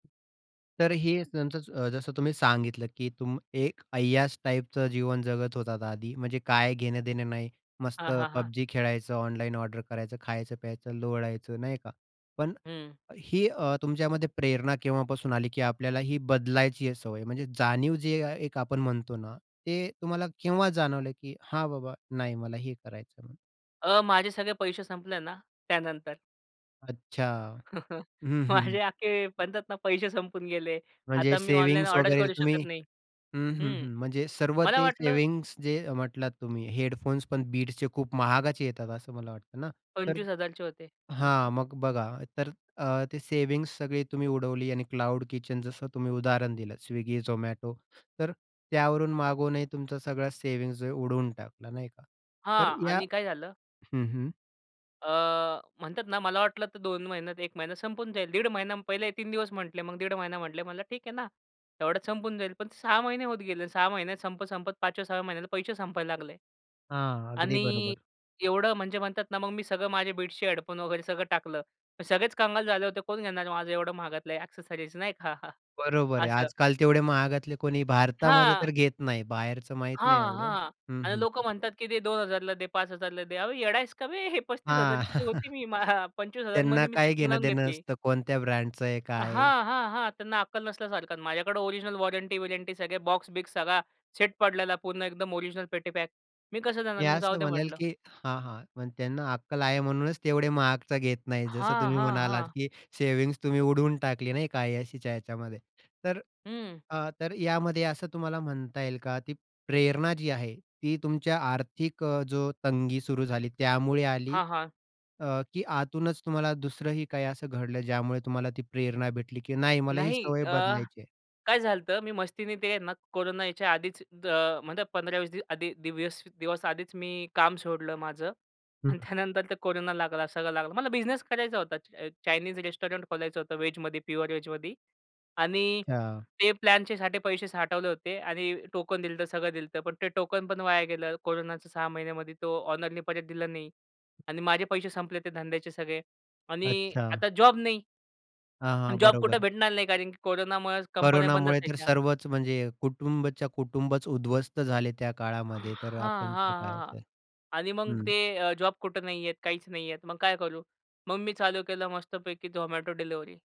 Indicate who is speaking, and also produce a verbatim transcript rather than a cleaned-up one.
Speaker 1: तर हे न [unintelligible] अ, जसं तुम्ही सांगितलं की तुम एक अय्याश टाईपचं जीवन जगत होतात आधी. म्हणजे काय घेणं-देणं नाही, मस्त
Speaker 2: हां, हां, हां.
Speaker 1: पबजी खेळायचं, ऑनलाईन ऑर्डर करायचं, खायचं, प्यायचं, लोळायचं, नाही का? पण
Speaker 2: हं.
Speaker 1: ही अ, तुमच्यामध्ये प्रेरणा केव्हापासून आली की आपल्याला ही बदलायची सवय? म्हणजे जाणीव जी एक आपण म्हणतो ना, ती तुम्हाला केव्हा जाणवली की हां, बाबा नाही, मला हे करायचं आहे म्हणून.
Speaker 2: अ, माझे सगळे पैसे संपले ना त्यानंतर.
Speaker 1: अच्छा, हं,
Speaker 2: माझे
Speaker 1: हं.
Speaker 2: अख्खे, म्हणतात ना, पैसे संपून गेले.
Speaker 1: म्हणजे
Speaker 2: आता मी ऑनलाईन
Speaker 1: सेव्हिंग्ज
Speaker 2: ऑर्डर
Speaker 1: वगैरे
Speaker 2: करू
Speaker 1: तुम्ही
Speaker 2: शकत नाही.
Speaker 1: हं, हं,
Speaker 2: हं
Speaker 1: हं. म्हणजे सर्व
Speaker 2: मला
Speaker 1: ते
Speaker 2: वाटलं
Speaker 1: सेव्हिंग्ज जे अ, म्हटलात तुम्ही. हेडफोन्स पण बीट्सचे खूप महागाचे येतात असं मला वाटतं ना. तर
Speaker 2: पंचवीस हजार चे होते.
Speaker 1: हां, मग बघा तर अ, ते सेव्हिंग्ज सगळा तुम्ही उडवली. आणि क्लाउड किचन, जसं तुम्ही उदाहरण दिलं स्विगी, झोमॅटो. तर त्यावरून मागूनही तुमचा सगळी सेव्हिंग्ज आहे उडवून टाकला, नाही का? तर
Speaker 2: हां,
Speaker 1: या
Speaker 2: आणि काय झालं
Speaker 1: हं, हं.
Speaker 2: अ, म्हणतात ना, मला वाटलं तर दोन महिन्यात, एक महिना संपून जाईल. दीड महिना, पहिले तीन दिवस म्हटले, मग दीड महिना म्हटले. म्हणलं ठीक आहे ना. तेवढ्यात संपून जाईल. पण सहा महिने होत गेले. सहा महिन्यात संपत-संपत पाच सहा व्या महिन्याला पैसे संपायला लागले
Speaker 1: हां, अगदी
Speaker 2: आणि
Speaker 1: बरोबर.
Speaker 2: एवढं म्हणजे म्हणतात ना, मग मी सगळं माझ्या बीट्स हेडफोन वगैरे सगळं टाकलं. मग सगळेच कंगाल झाले होते. कोण घेणार माझं एवढं महागातलं आहे ॲक्सेसरीज, नाही का.
Speaker 1: बरोबर आहे.
Speaker 2: असं.
Speaker 1: आजकाल तेवढे महागातले कोणी भारतामध्ये
Speaker 2: हां.
Speaker 1: तर घेत नाही. बाहेरचं माहीत नाही
Speaker 2: हां,
Speaker 1: एवढं
Speaker 2: हां.
Speaker 1: हं,
Speaker 2: आणि
Speaker 1: हं.
Speaker 2: लोकं म्हणतात की दे दोन हजार ला दे, पाच हजार ला दे. अहो, येडा आहेस का बे? हे पस्तीस
Speaker 1: हां.
Speaker 2: हजार ची होती. मी पंचवीस हजार
Speaker 1: त्यांना
Speaker 2: मध्ये मी
Speaker 1: काय
Speaker 2: सेटिंग लावून
Speaker 1: घेणं-देणं
Speaker 2: घेतली.
Speaker 1: असतं कोणत्या ब्रँडचा आहे, काय आहे?
Speaker 2: हां, हां, हां. त्यांना अक्कल नसल्यासारखं. माझ्याकडे ओरिजिनल वॉरंटी-विरंटी, सगळे बॉक्स-बिक्स, सगळा सेट पडलेला. पूर्ण एकदम ओरिजिनल पेटी पॅक. मी कसं देणार
Speaker 1: मी
Speaker 2: मग? जाऊ
Speaker 1: असं
Speaker 2: द्या
Speaker 1: म्हणेल
Speaker 2: म्हटलं.
Speaker 1: की हां, हां, पण त्यांना अक्कल आहे म्हणूनच तेवढे महागचे घेत नाही. जसं
Speaker 2: हां,
Speaker 1: तुम्ही
Speaker 2: हां,
Speaker 1: म्हणालात
Speaker 2: हां.
Speaker 1: की सेव्हिंग्ज तुम्ही उडवून टाकली, नाही का काही अय्याशीच्या याच्यामध्ये. तर
Speaker 2: हं.
Speaker 1: अ, तर यामध्ये असं तुम्हाला म्हणता येईल का? ती प्रेरणा जी आहे ती तुमच्या आर्थिक अ, जो तंगी सुरू झाली त्यामुळे आली
Speaker 2: हां, हां.
Speaker 1: अ, की आतूनच तुम्हाला दुसरंही काही असं घडलं ज्यामुळे तुम्हाला ती प्रेरणा भेटली की नाही, मला ही
Speaker 2: नाही
Speaker 1: सवय
Speaker 2: अ,
Speaker 1: बदलायची आहे?
Speaker 2: काय झालं होतं, तर मी मस्तीने ते ना कोरोना यायच्या आधीच, अ म्हणजे पंधरा वीस दिव्यस दिवस आधीच मी काम सोडलं माझं
Speaker 1: हं.
Speaker 2: आणि त्यानंतर ते कोरोना लागला, सगळं लागलं. मला बिझनेस करायचा होता, चाय चायनीज रेस्टॉरंट खोलायचं होतं वेजमध्ये, प्युअर वेजमध्ये. आणि
Speaker 1: हां.
Speaker 2: ते प्लॅनच्यासाठी पैसे साठवले होते आणि टोकन दिलं तर सगळं दिलं होतं, पण ते टोकन पण वाया गेलं. कोरोनाच्या सहा महिन्यांमध्ये तो ओनरनी परत दिलं नाही आणि माझे पैसे संपले ते धंद्याचे सगळे आणि
Speaker 1: अच्छा.
Speaker 2: आता जॉब नाही.
Speaker 1: हां,
Speaker 2: अन
Speaker 1: हां,
Speaker 2: जॉब कुठे
Speaker 1: बरोबर.
Speaker 2: भेटणार नाही कारण की कोरोनामुळे कंपन्या बंद
Speaker 1: कोरोनामुळे तर
Speaker 2: असायच्या.
Speaker 1: सर्वच म्हणजे कुटुंबाच्या कुटुंबच उध्वस्त झाले त्या
Speaker 2: हां,
Speaker 1: काळामध्ये. तर
Speaker 2: हां,
Speaker 1: आपणचं काय आहे
Speaker 2: हां.
Speaker 1: तर
Speaker 2: आणि मग
Speaker 1: हं.
Speaker 2: ते अ, जॉब कुठे नाहीये, काहीच नाहीयेत. मग काय करू? मग मी चालू केलं मस्तपैकी झोमॅटो डिलिव्हरी.